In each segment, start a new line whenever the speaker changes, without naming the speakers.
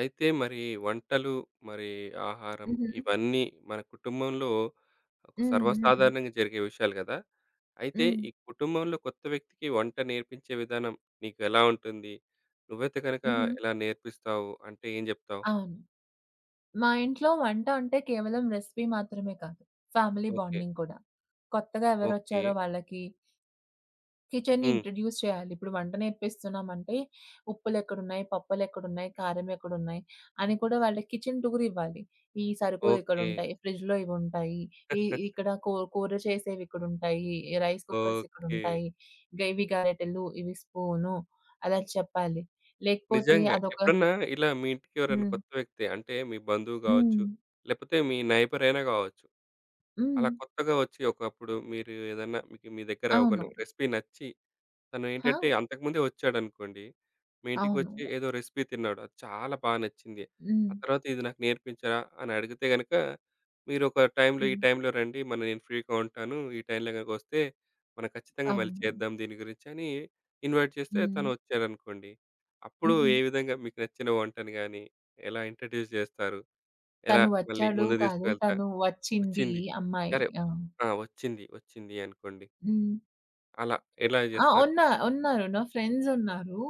అయితే మరి వంటలు, మరి ఆహారం
హుహు.
ఇవన్నీ మన కుటుంబంలో ఒక
హ్మ్. హ్మ్.
సర్వసాధారణంగా జరిగే విషయాలు కదా! అయితే
హ్మ్.
ఈ కుటుంబంలో కొత్త వ్యక్తికి వంట నేర్పించే విధానం నీకెలా ఉంటుంది? నువ్వైతే గనక
హుహు.
ఎలా నేర్పిస్తావు అంటే ఏం చెప్తావు?
అవును. మా ఇంట్లో వంట అంటే, కేవలం రెసిపీ మాత్రమే కాదు, ఫ్యామిలీ
ఓకే.
బాండింగ్ గూడా. కొత్తగా ఎవరోచ్చారో
ఓకే.
వాళ్ళకి కిచెన్ని
హ్మ్.
ఇంట్రొడ్యూస్ చేయాలి. ఇప్పుడు వంట నేర్పిస్తున్నామంటే ఉప్పులేక్కడున్నాయి, పప్పులేక్కడున్నాయి, కారం ఎక్కడున్నాయి, అని కూడా వాళ్ళకి కిచెన్ టూరివ్వాలి. ఈ
ఓకే.
సరుకులిక్కడుటాయి, ఫ్రిడ్జ్‌లో ఇవుంటాయి, ఈ ఇక్కడ కూర కూర చేసేవిక్కడుంటాయి, రైస్ కుక్కర్స్
ఓకే.
ఇక్కడుంటాయి, ఇగ ఇవి గరేటలు, ఇవి స్పూన్, అలా చెప్పాలి. లేకపోతే
నిజంగా.
అదొక
ఎప్పుడన్నా ఇలా మీ ఇంటికెవరైనా
హ్మ్.
కొత్త వ్యక్తి అంటే మీ బంధువు గావచ్చు,
హ్మ్.
లేకపోతే మీ నేబరైయినా గావచ్చు, అలా
హ్మ్.
కొత్తగా వచ్చి ఒకప్పుడు మీరు ఏదన్నా మీకు మీ దగ్గర ఒక
అవును.
రెసిపీ నచ్చి తను ఏంటంటే,
ఆ!
అంతకుముందే వచ్చాడనుకోండి, మీ ఇంటికొచ్చి
అవును.
ఏదో రెసిపీ తిన్నాడు, అది చాలా బాగా నచ్చింది. ఆ
హ్మ్.
తరువాత ఇది నాకు నేర్పించరా? అని అడిగితే గనుక, మీరు ఒక టైంలో ఈ
హ్మ్.
టైంలో రండి, మ నేను ఫ్రీ‌గా ఉంటాను. ఈ టైంలో‌ గనుక వస్తే మనం ఖచ్చితంగా మళ్ళీ
అవును.
చేద్దాం దీని గురించని ఇన్వైట్ చేస్తే తను
హ్మ్.
వచ్చాడనుకోండి, అప్పుడు
హుహు.
ఏ విధంగా మీకు నచ్చిన వంటను గాని, ఎలా ఇంట్రొడ్యూస్ జేస్తారు? ఎలా
తను
మళ్ళీ
వచ్చాడు
ముందుకు
కాదు.
దిసుకువేళతా
తను వచ్చింది
వచ్చింది.
అమ్మాయి
సరే
ఆ!
ఆహ్, వచ్చింది వచ్చింది అనుకోండి.
హ్మ్.
అలా ఎలా
ఆహ్.
జేస్తారు?
ఉన్న ఉన్నారు నా ఫ్రెండ్సున్నారు.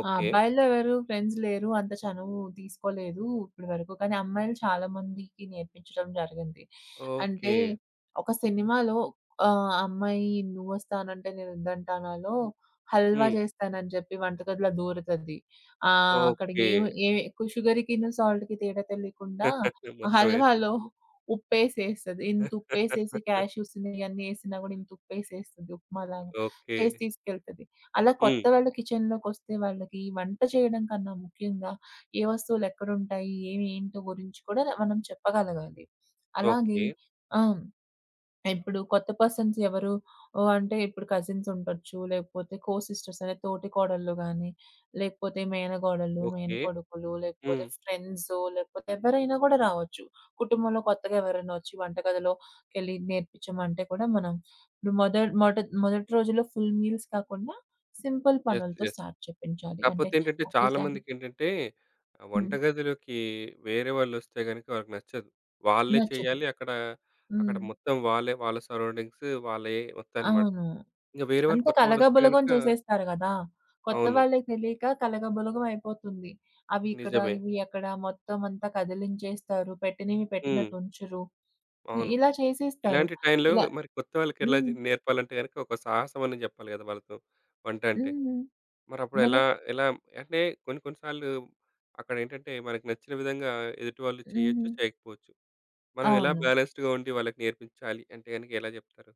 ఓకే.
అబ్బాయిలో ఎవరు ఫ్రెండ్స్ లేరు అంత చనువు తీసుకోలేదు. ఇప్పటి వరకు కానీ అమ్మాయిలు చాలా మందికి నేర్పించడం జరిగింది. అంటే
ఓకే.
ఒక సినిమాలో ఆహ్, అమ్మాయి 'నువోస్తానంటే నేనోద్దంటానా'లో హల్వా
హ్మ్.
చేస్తానని చెప్పి వంటగదిలో దోరుతది, ఆహ్, అక్కడ
ఓకే.
ఏమి ఏమి సుగర్‌కిను సాల్ట్‌కి తేడా తెలియకుండా,
మొత్తం వేసేసు
హల్వాలో ఉప్పేసేస్తది ఇంత ఉపేసేసి, కాష్యూస్ ఇయన్నీ ఏసినా కూడా ఇంత ఉపేసేస్తుంది ఉప్మా లాగా చేసి
ఓకే.
తీసుకెళ్తాది. అలా
హ్మ్.
కొత్తవళు కిచెన్‌లోకొస్తే వాళ్ళకి వంట చేయడం కన్నా ముఖ్యంగా ఏ వస్తువులేక్కడుంటాయి, ఏంటో గురించి కూడా మనం చెప్పగలగాలి. అలాగే
ఓకే.
ఆ! ఇప్పుడు కొత్త పర్సన్స్ ఎవరు అంటే, ఇప్పుడు కజిన్సుండొచ్చు, లేకపోతే కోసిస్టర్స్ అంటే తోటి కోడళ్ళు, గానీ లేకపోతే మేనకోడలు,
ఓకే.
మేనకొడుకులు, లేకపోతే
హ్మ్.
ఫ్రెండ్స్ లేకపోతే ఎవ్వరైనా కూడా రావచ్చు. కుటుంబంలో కొత్తగా ఎవరైనా వచ్చి వంటగదిలోకెళ్లి నేర్పించమంటే కూడా మనం ఇప్పుడు మొద మొడో మొదటి రోజుల్లో ఫుల్ మీల్స్ కాకుండా, సింపుల్
యెస్,
పనులతో
యెస్.
స్టార్ట్ చేపించాలి.
కాపోతే
అంటే
ఏంటంటే,
ఒకేసారి
చాలామందికి ఏంటంటే ఆహ్,
హ్మ్.
వంటగదిలోకి వేరే వాలోస్తే గనుక వాళ్ళకి నచ్చదు. వాళ్ళే
నచ్చదు.
చెయ్యాలి అక్కడ, అక్కడ
హ్మ్.
మొత్తం వాళ్ళే, వాళ్ళ సరౌండింగ్స్ వాళ్ళే వస్తాయన్నమాట.
అవును.
ఇంక వేరే వాళ్ళు
అంతా
కొత్త వాళ్ళొస్తే
కలగబులగం
గనక
చేసేస్తారు కదా! కొత్త
అవును.
వాళ్ళకి తెలియక కలగబులగం అయిపోతుంది. అవి ఇక్కడ
నిజమే.
ఇవి ఎక్కడ మొత్తం అంతా కదిలించేస్తారు, పెట్టినవి
హ్మ్.
పెట్టినట్టు ఉంచరు ఆహ్,
అవును.
ఇలా చేసేస్తారు.
ఇలాంటి టైంలో
ఇలా
మరి కొత్త వాళ్ళకేలా జ
హ్మ్.
నేర్పాలంటే, గనక ఒక సాహసం అనే చెప్పాలి కదా! వాళ్ళతో వంట అంటే.
హ్మ్. మరే
మరప్పుడేలా ఎలా అంటే కొన్ని కొన్ని సార్లు అక్కడ ఏంటంటే మనకు నచ్చిన విధంగా ఎదుటివాళ్ళు చేయొచ్చు,
హుహు.
చేయకపోచ్చు. మనం ఎలా
అవును.
బ్యాలెన్స్‌డ్‌గా ఉండి వాళ్ళకి నేర్పించాలి అంటే గనుక ఎలా జేప్తారు?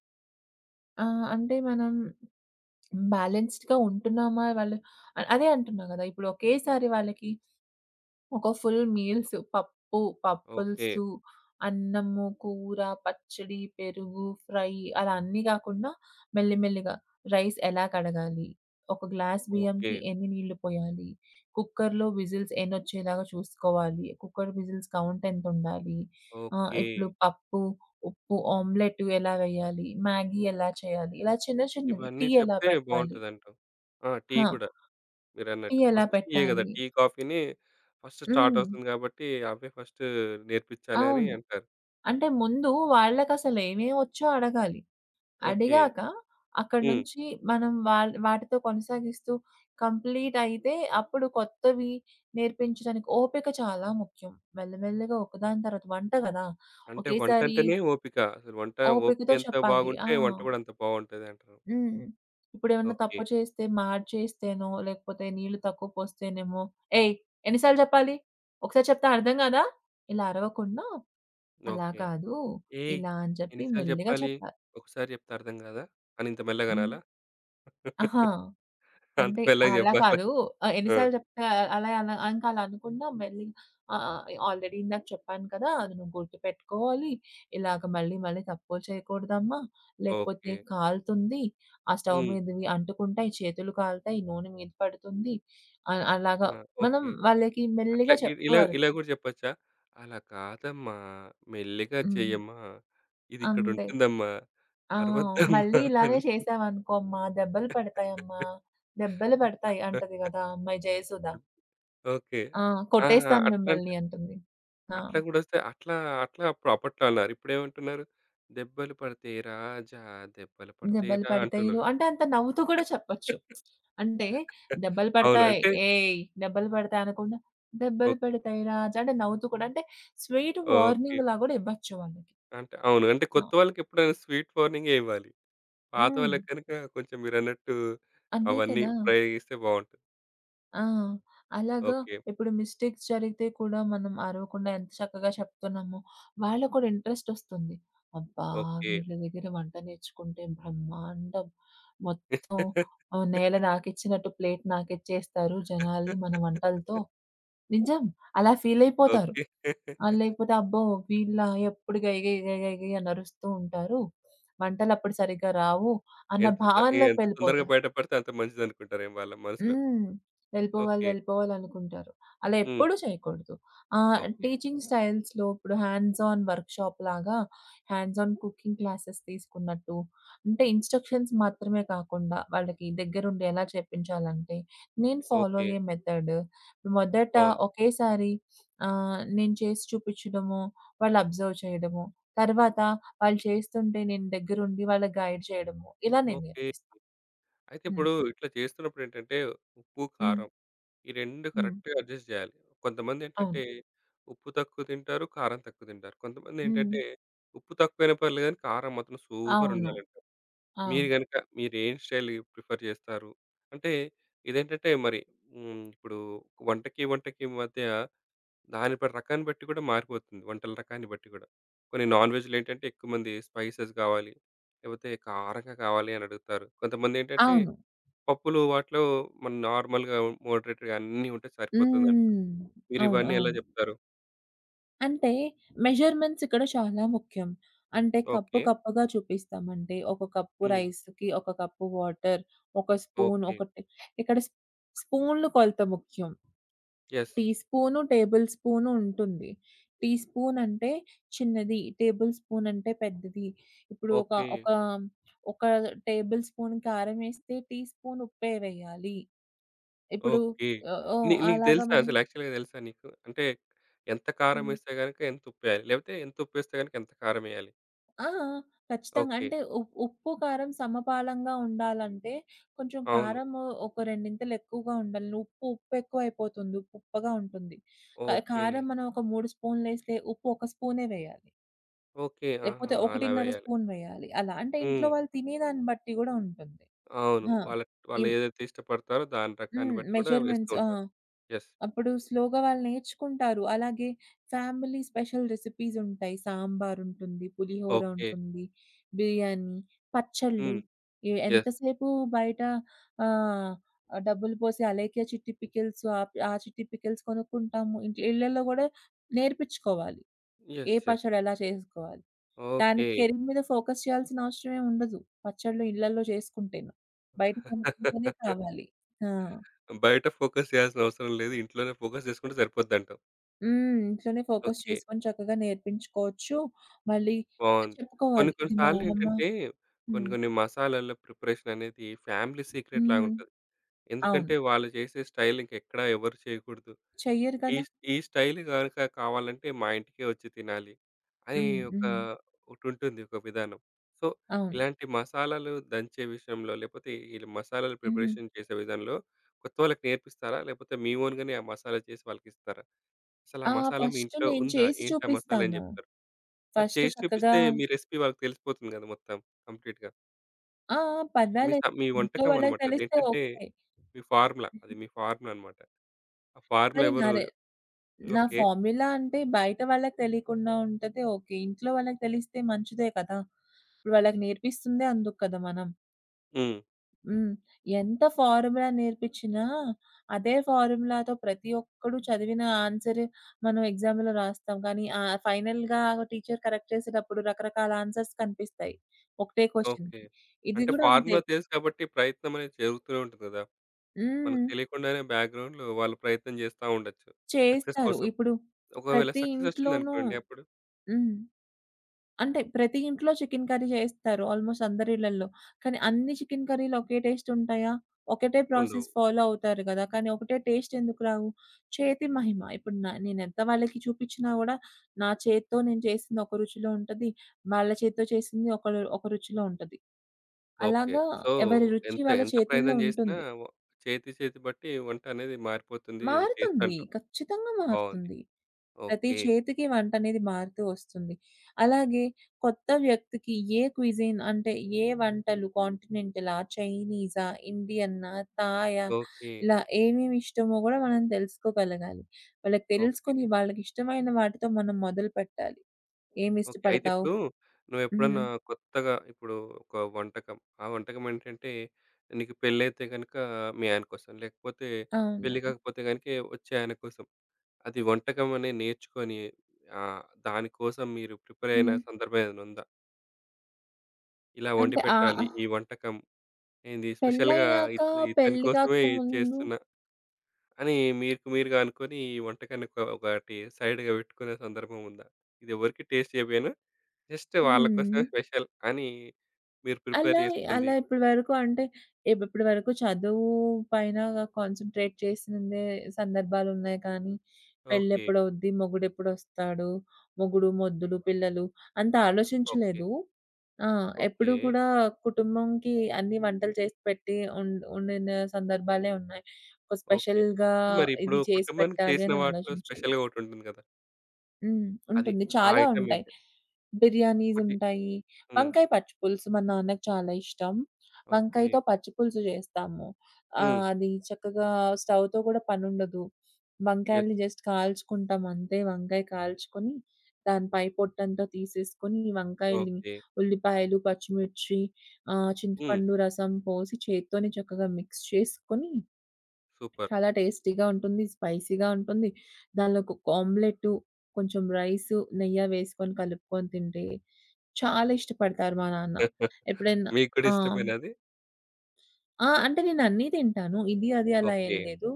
ఆ! అంటే, మనం బ్యాలెన్స్‌డ్‌గా ఉంటున్నామా ఇవాళ అ అదే అంటున్నా గదా! ఇప్పుడొకేసారి వాళ్ళకి, ఒక ఫుల్ మీల్స్, పప్పు,
ఓకే.
పప్పల్సు, అన్నము, కూర, పచ్చడి, పెరుగు, ఫ్రై, అలా అన్నీ గాకుండా, మెల్లిమెల్లిగా రైస్ ఎలా కడగాలి, ఒక గ్లాస్
ఓకే.
బియ్యంకి ఎన్ని నీళ్ళు పొయ్యాలి, కుక్కర్‌లో విజిల్స్ ఎన్నొచ్చేలాగా చూసుకోవాలి. కుక్కర్ విజిల్స్ కౌంటెంతుండాలి. ఆహ్,
ఓకే.
ఇప్పుడు పప్పు, ఉప్పు, ఆమ్లెట్టు ఎలా వెయ్యాలి, మ్యాగీ ఎలా చెయ్యాలి, ఇలా చిన్న చిన్నవి,
ఇవన్నీ
టీ ఎలా
చెప్తే
పెట్టాలి?
బావుంటదంటావు. ఆ! టీ
హా!
కూడా
టీ
మీరన్నట్టు.
ఎలా
ఫస్ట్ టీయే గదా!
పెట్టాలి?
టీ, కాఫీని ఫస్ట్
హ్మ్.
స్టార్టవుతుంది గాబట్టీ, అవే ఫస్టూ నేర్పిచ్చాలనీ
అవును.
అంటారు.
అంటే, ముందూ వాళ్ళకసలేమేవొచ్చో అడగాలి.
ఓకే.
అడిగాక అక్కడి
హ్మ్.
నుంచి మనం వాళ్ వాటితో కొనసాగిస్తూ, కంప్లీటయితే, అప్పుడు కొత్తవీ నేర్పించడానికి, ఓపిక చాలా ముఖ్యం. మెల్లమెల్లగా ఒక దాని తర్వాత వంట గదా!
అంటే,
ఒకేసారి
వంటంటేనే ఓపిక. అసలు వంటా
ఓపికతో
ఓపికెంత
చెప్పాలి. ఆ!
బాగుంటే వంట గూడా అంత బావుంటది అంటరు.
హ్మ్. ఇప్పుడేవన్నా తప్పు
ఓకే.
చేస్తే మాడ్చేస్తేనో, లేకపోతే నీళ్ళు తక్కువ పోస్తేనేమో, ఏయ్! ఎన్ని సార్లు జెప్పాలి? ఒకసారి చెప్తే అర్థం గాదా? ఇలా అరవకుండా, అలా
ఓకే.
కాదు
"ఏయ్!
ఇలా అని జెప్పి
ఎన్ని సార్లు
మెల్లిగా
జెప్పాలి?
చెప్పాలి.
ఒకసారి జెప్తే అర్థం గాదా?" అనింత
హ్మ్.
మెల్లగనాలా?
ఆహా!
అంత
అంటే
మెల్లగ
అలా
జెప్పాలా?
కాదు. ఆహ్, ఎన్ని
ఆ!
సార్లు జేప్తే ఆహ్, అలా అలా, ఇంకలా అనకుండా మెల్లి ఆ! ఎ ఆల్రెడీ ఇందాక చెప్పాను కదా! అది నువ్వు గుర్తుపెట్టుకోవాలీ, ఇలాగ మళ్ళీ మళ్ళీ తప్పులు చెయకూడదమ్మా, లేకపోతే
ఓకే.
కాలుతుంది, ఆ స్టవ్
హ్మ్.
మీదవి అంటుకుంటాయి, చేతులు కాలుతాయి, నూనె మీద పడుతుంది, అల్ అలాగ
ఆ!
మనం
ఓకే.
వాళ్ళకి
అట్లా
మెల్లిగా
ఇవ్
చెప్తూ
ఇలా ఇలా
అర్థం
గూడా జెప్పచ్చా, అలా కాదమ్మా, మెల్లిగా
హ్మ్.
చెయ్యమ్మా,
అంతే.
ఇదిక్కడుంటుందమ్మా,
ఆ! మళ్ళీ
అరవద్దమ్మా.
ఇలానే చేశావనుకోమ్మా, దెబ్బలు పడతాయమ్మ. దెబ్బలు పడతాయి అంటది గదా ఆ అమ్మాయి 'జయసుధ'.
ఓకే.
ఆ!
ఆ!
కొట్టేస్తాను
అట్లంటె
మిమ్మల్ని అంటుంది. ఆ!
అట్ల గూడొస్తే అట్లా అట్లా అప్పు అప్పట్లో అన్నారు. ఇప్పుడేమంటున్నారు? దెబ్బలు పడతాయి రాజా, దెబ్బలు
దెబ్బలు
పడతయిరా,
పడతాయి రో
అంటున్నారు.
అంటే, అంత నవ్వుతూ కూడా చెప్పొచ్చు. అంటే, "దెబ్బలు
అవును.
పడతాయి.
అంటే
ఏయ్! దెబ్బలు పడతాయి," అనకుండా, దెబ్బలు
ఓకే.
పడతాయి రాజ్ అంటే, నవ్వుతూ కూడంటే, స్వీటు
ఓకే.
వార్నింగ్‌లా గూడివ్వచ్చు వాళ్ళకి.
అంటే అవును. అంటే, కొత్త
ఆ!
వాళ్ళకెప్పుడైనా స్వీట్ వార్నింగే ఇవ్వాలి.
హ్మ్.
పాతోళ్ళకు గనకా కొంచెం మీరన్నట్టూ
అంతే
అవన్నీ
కదా!
ప్రయోగిస్తే బావుంటది.
ఆ! అలాగా
ఓకే.
ఇప్పుడు మిస్టేక్స్ జరిగితే కూడా మనం అరవకుండా ఎంత చక్కగా చెప్తున్నామో, వాళ్ళకి కూడా ఇంట్రెస్టొస్తుంది. అబ్బా!
ఓకే.
వీళ్ళ దగ్గర వంట నేర్చుకుంటే బ్రహ్మాండం. మొత్తం ఆహ్, నేల నాకిచ్చినట్టు ప్లేట్ నాకిచ్చేస్తారు జనాల్ని మన వంటలతో నిజం అలా ఫీలయిపోతారు.
ఓకే.
ఆహ్, లేకపోతే, అబ్బో! వీళ్ళు ఎప్పుడు గై గై గై గై గై అని అరుస్తూ ఉంటారు వంటలప్పుడు సరిగ్గా రావు, అన్న
ఎంత తొ
భావనలోకి
ఎంత తొందరగా
వెళ్ళిపోతారు.
బయట పడితే, అంత మంచిదనుకుంటారేమో వాళ్ళ మనసులో.
హ్మ్. వెళ్ళిపోవాలి,
ఓకే.
వెళ్ళిపోవాలనుకుంటారు. అలా
హ్మ్.
ఎప్పుడూ చేయకూడదు. ఆహ్,
ఓకే.
టీచింగ్ స్టైల్స్‌లో ఇప్పుడు హ్యాండ్స్ ఆన్ వర్క్ షాప్‌లాగా, హ్యాండ్స్ ఆన్ కుకింగ్ క్లాసెస్ తీసుకున్నట్టు, అంటే ఇన్‌స్ట్రక్షన్స్ మాత్రమే కాకుండా, వాళ్ళకి దగ్గరుండెలా చెప్పించాలంటే, నేను ఫాలో
ఓకే.
అయ్యే మెథడు మొదట
అవును.
ఒకేసారి ఆహ్, నేను చేసి చూపిచ్చడమో, వాళ్ళు అబ్జర్వ్ చేయడమో, తర్వాత వాళ్ళు చేస్తుంటే నేను దగ్గరుండి వాళ్ళకి గైడ్ జేయడమో ఇలా నేను
ఓకే.
నేర్పిస్తాను.
అయితే
హ్మ్.
ఇప్పుడు ఇట్లా చేస్తున్నప్పుడేంటంటే ఉప్పు,
హ్మ్.
కారం ఈ 2
హ్మ్.
కరెక్ట్‌గా అడ్జస్ట్ జేయాలి. కొంతమందేంటంటే
అవును.
ఉప్పు తక్కువ తింటారు, కారం తక్కువ తింటారు. కొంతమందేంటంటే
హ్మ్.
ఉప్పు తక్కువైనా పర్లేదు గాని, కారం మాత్రం సూపర్
అవును.
ఉండాలంటారు.
ఆ!
మీరు గనుక మీరేం స్టైల్ ప్రిఫర్ చేస్తారు. అంటే ఇదేంటంటే, మరి హ్మ్, ఇప్పుడు వంటకి, వంటకి మధ్య దాని ప రకాన్ని బట్టి గూడా మారిపోతుంది. వంటల రకాన్ని బట్టి గూడా. కొన్ని నాన్‌వెజ్‌లో ఏంటంటే ఎక్కువమంది స్పైసెస్ గావాలి, లేకపోతే కారంగా కావాలి అనడుగుతారు. కొంతమంది ఏంటంటే
అవును.
పప్పులు వాటిలో మన్ నార్మల్‌గా మోడరేట్‌గా అన్నీ ఉంటే సరిపోతుందంటారు,
హ్మ్. అవును.
మీరివన్నీ ఎలా
అవును.
జెప్తారు?
అంటే, మెజర్మెంట్సిక్కడ చానా ముఖ్యం. అంటే కప్పు,
ఓకె.
కప్పుగా చూపిస్తామంటే ఒక కప్పు
హ్మ్.
రైస్‌కి ఒక కప్పు వాటరు. ఒక స్పూన్
ఓకె.
ఒకటి ఇక్కడ స్పూన్లు కొలత ముఖ్యం
yes.
Teaspoon, tablespoon ఉంటుంది. టీ స్పూనంటే చిన్నది, టేబుల్ స్పూనంటే పెద్దది. ఇప్పుడు ఒక,
ఓకె.
ఒక, ఒక టేబుల్ స్పూన్ కారం ఏస్తే టీ స్పూన్ ఉప్పే వెయ్యాలి. ఇప్పుడు
ఓకె.
ఆహ్, ఓ
ని నీకు
అలాగా
తెలుసా
మనం
అసలు యాక్చువల్‌గా తెలుసా నీకు? అంటే ఎంత కారం
హ్మ్.
ఏస్తే గనక, ఎంత ఉప్పేయాలి? లేకపోతే ఎంత ఉప్పు వేస్తే గనక, ఎంత కారం ఏయాలి?
ఆ! ఖచ్చితంగా
ఓకె.
అంటే ఉ ఉప్పు కారం సమపాలంగా ఉండాలంటే, కొంచెం
అవును.
కారము ఒక రెండింతలెక్కువగా ఉండాలి. ఉప్పు, ఉప్పు ఎక్కువైపోతుంది. ఉప్పు ఉప్పగా ఉంటుంది. క
ఓకె.
కారం మనం ఒక 3 స్పూనులేస్తే ఉప్పు ఒక స్పూనే వేయాలి.
ఓకె. ఆహా!
లేపోతే
అలా
1 ½
వేయాలి.
స్పూన్ వేయాలి అలా. అంటే ఇంట్లో
హ్మ్.
వాళ్ళు తినేదాన్ని బట్టి కూడా ఉంటుంది.
అవును.
హా!
వాళ్ళ
ఇం
వాళ్ళేదైతే ఇష్టపడతారో దాని ప్రకారం
హ్మ్.
బట్టి కూడా వేస్తూ
మెజర్మెంట్స్ ఆ!
ఉంటారు. యెస్.
అప్పుడు స్లోగా వాళ్ళు నేర్చుకుంటారు. అలాగే ఫ్యామిలీ స్పెషల్ రెసిపీసుంటాయి. సాంబారుంటుంది,
ఓకె.
పులిహోరుంటుంది, బిర్యానీ, పచ్చళ్ళు.
హ్మ్.
ఎ
యెస్.
ఎంతసేపు బయట ఆహ్, డబ్బులు పోసి అలేఖ్య చిట్టి పికిల్స్ ఆహ్, ఆహ్, చిట్టీ పికిల్స్ కొనుక్కుంటాము. ఇంట్లో ఇళ్లల్లో గూడా నేర్పిచ్చుకోవాలి. ఏ
యెస్. యెస్.
పచ్చడి ఎలా చేసుకోవాలి. దానికి
ఓకె.
కెరీర్ మీద ఫోకస్ చేయాల్సిన అవసరమే ఉండదు. పచ్చళ్ళు ఇళ్లల్లో చేసుకుంటేను. బయట కొనుక్కుంటేనే కావాలి. ఆ!
బయట ఫోకస్ చేయాల్సిన అవసరం లేదు, ఇంట్లోనే ఫోకస్ చేసుకుంటే సరిపోద్ది అంటావు.
హ్మ్. ఇంట్లోనే ఫోకస్
ఓకే.
చేసుకొని చక్కగా నేర్పించుకోవచ్చు. మళ్ళీ ఆ!
బావుంది. కొన్ని,
చెప్పుకోవాలి
కొన్ని
ఇది మా అమ్మమ్మ
సార్లేంటంటే కొన్ని,
హ్మ్.
కొన్ని మసాలాల ప్రిపరేషననేది ఫ్యామిలీ
హ్మ్.
సీక్రెట్‌లాగుంటది.
అవును.
ఎందుకంటే, వాళ్ళు జేసే స్టైల్ ఇంకెక్కడ ఎవరు చేయకూడదు.
చెయ్యరు
ఈ
గదా!
స్ ఈ స్టైల్ గనుక కావాలంటే, మా ఇంటికే వచ్చి తినాలి అని
హ్మ్.
ఒక
హ్మ్.
ఒకటుంటుంది ఒక విధానం. సో,
అవును.
ఇలాంటి మసాలాలు దంచే విషయంలో, లేకపోతే ఈ మసాలాలు
హుహు.
ప్రిపరేషన్ చేసే విధానంలో కొత్తవాళ్లకి నేర్పిస్తారా? లేకపోతే మీ ఓన్‌గనే ఆ మసాలా చేసి వాళ్ళకిస్తారా? అసలు ఆ
ఆహ్,
మసాలా మీ
ఫస్టు
ఇంట్లో
నేను
ఉందా?
చేసి
ఏంటా మసాలా అని
చూపిస్తాను.
జెప్తరు? మరి
ఫస్టు
చేసి
చక్కగా
చూపిస్తే మీ రెసిపీ వాళ్ళకి తెలిసిపోతుంది గదా! మొత్తం కంప్లీట్‌గా.
ఆ! ఆ!
మీ స
పర్వాలేదు
మీ
ఇంట్లో
వంటకం
వాళ్ళకి
అన్నమాట.
తెలిస్తే
అదేంటంటే
ఓకే.
మీ ఫార్ములా, అది
హుహు.
మీ ఫార్ములా అన్నమాట. ఆ ఫార్ములా
మరి నా
ఎవరు
రె నా
ఓకే.
ఫార్ములా అంటే, బయట వాళ్ళకి తెలీకుండా ఉంటది ఓకే. ఇంట్లో వాళ్ళకి తెలిస్తే మంచిదే కదా! ఇప్పుడు వాళ్ళకి నేర్పిస్తుందే అందుకు కదా మనం.
హ్మ్.
హ్మ్. ఎంత ఫార్ములా నేర్పిచ్చినా, అదే ఫార్ములాతో ప్రతి ఒక్కడు చదివిన ఆన్సరే మనం ఎగ్సామ్‌లో రాస్తాం కానీ, ఆ ఫైనల్‌‌గా టీచర్ కరెక్ట్ చేసేటప్పుడు రకరకాల ఆన్సర్స్ కనిపిస్తాయి. ఒకటే
ఓకే.
క్వెషన్‌కి ఇది
అంటే
గూడా అంతే.
ఫార్ములా తెలుసు కాబట్టి ప్రయత్నమనేది జరుగుతూనే ఉంటది గదా! మనకు
హ్మ్.
తెలియకుండానే బ్యాక్‌గ్రౌండ్‌లో వాళ్ళు ప్రయత్నం జేస్తా ఉండొచ్చు. సక్సెస్
చేస్తారు.
కోసం.
ఇప్పుడు
ఒకవేళ
ప్రతి
సక్సెస్
ఇంట్లోనూ
వచ్చిందనుకోండి అప్పుడు?
హ్మ్. అంటే ప్రతి ఇంట్లో చికెన్ కర్రీ జేస్తారు. ఆల్మోస్ట్ అందరి ఇళ్లల్లో. కానీ అన్ని చికెన్ కర్రీలు ఒకే టేస్ట్ ఉంటాయా? ఒకటే ప్రాసెస్
ఉండవు.
ఫాలో అవుతారు గదా! కానీ ఒకటే టేస్ట్ ఎందుకు రావు? చేతి మహిమ ఇప్పుడు న నేనెంత వాళ్ళకి చూపిచ్చినా గూడా, నా చేత్తో నేను చేసింది ఒక రుచిలో ఉంటది. వాళ్ళ చేత్తో చేసింది ఒకళ్ళ ఒక రుచిలో ఉంటది.
ఓకే.
అలాగా
సో,
ఎవరి రుచి
ఎంత
వాళ్ళ
ఎంత
చేతుల్లో
ప్రయత్నం చేసినా
ఉంటుంది.
ఒ చేతి, చేతి బట్టి వంటనేది మారిపోతుంది టేస్ట్
మారుతుంది.
అంటావు.
ఖచ్చితంగా
బావుంది.
మారుతుంది. ప్రతి
ఓకే.
చేతికి వంటనేది మారుతూ వస్తుంది. అలాగే కొత్త వ్యక్తికి ఏ క్విజిన్ అంటే ఏ వంటలు, కాంటినెంటలా, చైనీసా, ఇండియన్నా, థాయా,
ఓకె.
ఇలా ఏమేమి ఇష్టమో గూడా మనం తెలుసుకోగలగాలి. వాళ్ళకి
ఓకె.
తెలుసుకొని వాళ్ళకి ఇష్టమైన వాటితో మనం మొదలుపెట్టాలి.
ఓకే. అయితే
ఏమిష్టపడతావు
ఇప్పుడూ, నువ్వు ఎప్పుడన్నా
హ్మ్.
కొత్తగా ఇప్పుడు ఒక వంటకం, ఆ వంటకం ఏంటంటే నీకు పెళ్లైతే గనుక మీ ఆయన కోసం, లేకపోతే పెళ్లి
అవును.
గాకపోతే గనుక వచ్చే ఆయన కోసం, అది వంటకం అని నేర్చుకొని ఆహ్, దాని కోసం మీరు ప్రిపేరైన
హ్మ్.
సందర్భం ఏదైనా ఉందా? ఇలా
అంటే, ఆహ్,
వండిపెట్టాలి
ఆ
ఈ వంటకం. ఏంది స్పెషల్‌గా ఇ
పెళ్ళయ్యాక,
ఇతని
పెళ్లి
కోసమే
కాకముందు
చేస్తున్నా. అని మీకుమీరుగా అనుకోని ఈ వంటకాన్ని క ఒకటి సైడ్‌గా పెట్టుకునే సందర్భం ఉందా? ఇది ఎవరికీ టేస్ట్ చేపీయను. జస్ట్ వాళ్ళ కోసమే
హ్మ్.
స్పెషల్ అని మీరు ప్రిపేర్
అలా,
చేసుకుంది.
అలా ఇప్పటివరకు అంటే ఇప్ ఇప్పటి వరకు చదువు పైన కాన్సంట్రేట్ చేసిందే సందర్భాలున్నాయి కానీ,
ఓకె.
పెళ్ళెప్పుడవుద్ది, మొగుడెప్పుడొస్తాడు, మొగుడు, మొద్దులు, పిల్లలు అంత
ఓకె.
ఆలోచించలేదు. ఆ!
ఓకె.
ఎప్పుడూ కూడా కుటుంబంకి అన్నీ వంటలు చేసి పెట్టి ఉండ్ ఉండిన సందర్భాలే ఉన్నాయి. ఒక
ఓకె.
స్పెషల్‌గా
మరి ఇప్పుడు
ఇది చేసి
కుటుంబానికి
పెట్టాలి
చేసిన
అని
వాటిలో,
ఆలోచించలేదు.
స్పెషల్‌గా ఒకటుంటుంది కదా!
హ్మ్.
అది
ఉంటుంది
ఆ
చాలా
ఐటెమ్
ఉంటాయి.
ఏంటది? ఒకటి
బిర్యానీసుంటాయి.
హ్మ్.
వంకాయ పచ్చి పులుసు మా నాన్నకి చాలా ఇష్టం.
ఓకె.
వంకాయతో పచ్చి పులుసు చేస్తాము.
హ్మ్.
ఆహ్, అది చక్కగా స్టవ్‌తో కూడా పని ఉండదు
యెస్.
వంకాయలని జస్ట్ కాల్చుకుంటాం అంతే. వంకాయ కాల్చుకొని, దాని పై పొట్టంతా తీసేసుకొని వంకాయలు,
ఓకె.
ఉల్లిపాయలు, పచ్చిమిర్చి, ఆహ్,
హ్మ్.
చింతపండు రసం పోసి చేత్తోనే చక్కగా మిక్స్ చేసుకొని,
సూపర్.
చాలా టేస్టీగా ఉంటుంది. స్పైసీగా ఉంటుంది. దానిలో కొక ఆమ్లెట్టు కొంచెం రైసు, నెయ్య వేసుకొని కలుపుకొని తింటే, చాలా ఇష్టపడతారు మా నాన్న. ఎప్పుడైనా
మీకు కూడా
ఆ!
ఇష్టమేనా అది?
ఆ! అంటే నేను అన్నీ తింటాను ఇది, అది అలా ఏం
ఓకె.
లేదు.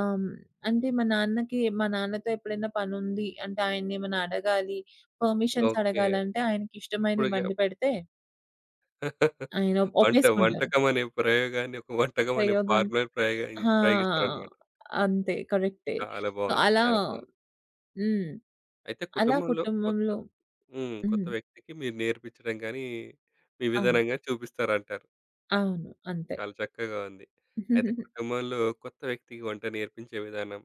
ఆహ్, హ్మ్. అంటే మా నాన్నకి మా నాన్నతో ఎప్పుడైనా పనుంది అంటే, ఆయన్ని ఏమైనా అడగాలి పర్మిషన్స్
ఓకె.
అడగాలంటే ఆయనకిష్టమైనవి
అప్పటికే
వండి పెడితే ఆయన
వంట.
ఒప్పేసుకుంటారు.
వంటకం అనే ప్రయోగాన్ని, ఒక వంటకం అనే
ప్రయోగం
ఫార్ములా ప్రయోగిస్
ఆ!
ప్రయోగిస్తారనమాట.
అంతే కరెక్టే.
చాలా
సో,
బావుంది.
అలా
చాలా బావుంది.
హ్మ్.
అయితే
అలా
కుటుంబంలో, కొత్త
కుటుంబంలో
హ్మ్. కొత్త
హ్మ్.
వ్యక్తికి మీరు నేర్పించడం గాని, మీ
అవును.
విధానం గాని చూపిస్తారంటారు.
అవును. అంతే.
చాలా చక్కగా ఉంది. అయితే కుటుంబంలో కొత్త వ్యక్తికి వంట నేర్పించే విధానం.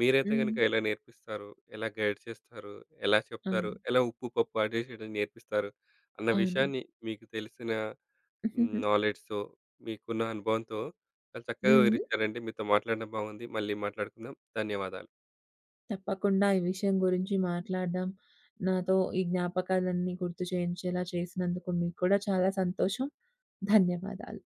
మీరైతే కనుక
హ్మ్.
ఎలా నేర్పిస్తారు, ఎలా గైడ్ చేస్తారు, ఎలా చెప్తారు,
అవును.
ఎలా ఉప్పు, పప్పు అడ్జస్ట్ చేయడం నేర్పిస్తారు, అన్న
అవును.
విషయాన్ని మీకు తెలిసిన నాలెడ్జ్‌తో, మీకున్న అనుభవంతో చాలా చక్కగా
హ్మ్.
వివరించారండి. మీతో మాట్లాడడం బాగుంది. మళ్ళీ మాట్లాడుకుందాం. ధన్యవాదాలు
తప్పకుండా ఈ విషయం గురించి మాట్లాడడం, నాతో ఈ జ్ఞాపకాలన్నీ గుర్తు చేయించేలా చేసినందుకు, మీకు కూడా చాలా సంతోషం ధన్యవాదాలు.